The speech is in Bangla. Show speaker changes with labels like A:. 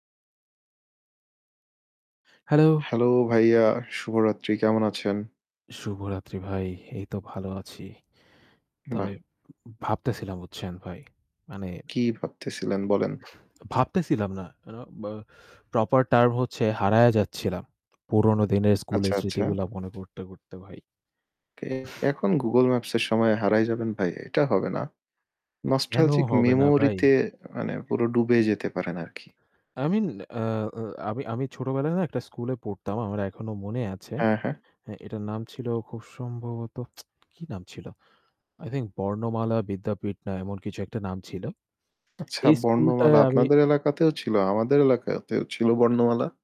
A: Hello.
B: Hello ভাইয়া, শুভরাত্রি কেমন আছেন?
A: শুভরাত্রি ভাই। এই তো ভালো আছি।
B: বাহ!
A: তবে উম ভাবতেছিলাম বুঝছেন ভাই, মানে
B: কি ভাবতেছিলেন বলেন?
A: ভাবতেছিলাম না, আ বা proper term হচ্ছে হারিয়ে যাচ্ছিলাম। পুরনো দিনের
B: আচ্ছা,
A: স্কুলের
B: আচ্ছা।
A: স্মৃতিগুলা মনে করতে, করতে ভাই।
B: কে এখন Google Maps এর সময়ে হারায় যাবেন ভাই? এটা হবে না।
A: কেন
B: Nostalgic
A: হবে না
B: memory
A: ভাই?
B: তে মানে পুরো ডুবে যেতে পারেন আর কি।
A: mean, আ আ আমি আমি ছোটবেলায় না একটা স্কুলে পড়তাম। আমার এখনো মনে আছে।
B: হ্যাঁ, হ্যাঁ।
A: হ্যাঁ, এটার নাম ছিল খুব সম্ভবত, কি নাম ছিল? I think 'বর্ণমালা বিদ্যাপীঠ' না এমন কিছু একটা নাম ছিল।
B: আচ্ছা
A: এই স্কুলটায়
B: 'বর্ণমালা'
A: আমি
B: আপনাদের এলাকাতেও ছিল। আমাদের এলাকাতেও ছিল 'বর্ণমালা'।